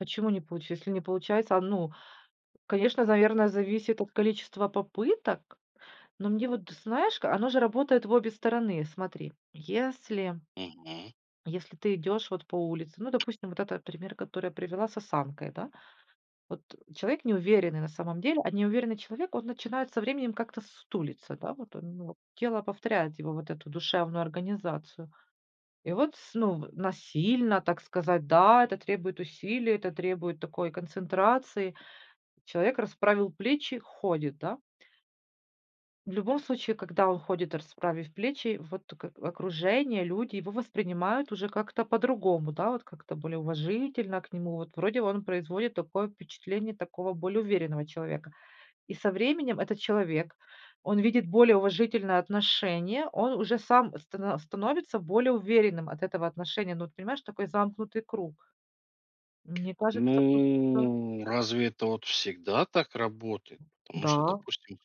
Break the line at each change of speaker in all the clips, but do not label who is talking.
Почему не получи если не получается а, ну, конечно, наверно, зависит от количества попыток. Но мне вот, знаешь, ка оно же работает в обе стороны. Смотри, если
Мгм.
если ты идешь вот по улице Ну, допустим, вот это пример, который я привела с осанкой, да. Вот. Э. Человек неуверенный на самом деле, а неуверенный человек, он начинает со временем как-то с сутулиться, да, вот он, ну, тело повторяет его вот эту душевную организацию. И вот с ну в насильно, так сказать, да, это требует усилий, это требует такой концентрации. Человек расправил плечи, ходит, да. В любом случае, когда он ходит, расправив плечи, вот тут ка окружение, люди его воспринимают уже как-то по-другому, да, вот как-то более уважительно к нему. Вот, вроде, он производит такое впечатление такого более уверенного человека. И со временем этот человек, он видит более уважительное отношение, он уже сам стана становится более уверенным от этого отношения. Ну, вот понимаешь, такой замкнутый круг. Мне кажется, тут всё
Ну. Разве это вот всегда так работает? Потому что,
Да.
допустим,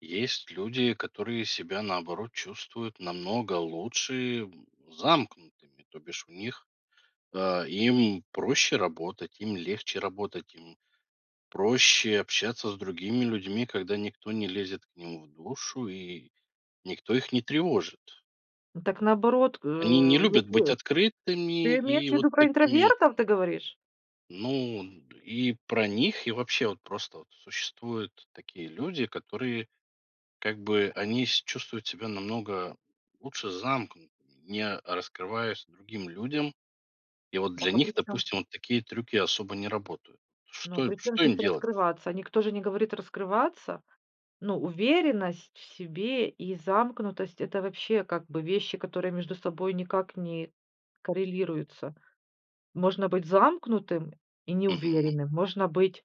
есть люди, которые себя, наоборот, чувствуют намного лучше, м, замкнутыми. То бишь у них а, им проще работать, им легче работать, им проще общаться с другими людьми, когда никто не лезет к ним в душу и никто их не тревожит.
Так, наоборот, э,
Они не
его
любят быть
[unintelligible]
открытыми
ты имеешь
и вот
ввиду про
такими
интровертов ты говоришь?
ну, д и про них, и вообще, вот просто вот существует такие люди которые как бы они с чувствуют себя намного лучше замкнутыми, не раскрываясь другим людям. И вот для
Дак, а
них,
причём с
допустим, вот такие трюки особо не работают.
ну,
Что
причём
что
здесь
им делать?
"раскрываться?" Никто же не говорит "раскрываться". Ну, уверенность в себе и замкнутость- это вообще, как бы вещи, которые между собой никак не коррелируются. Можно быть замкнутым и
Мгм.
неуверенным, можно быть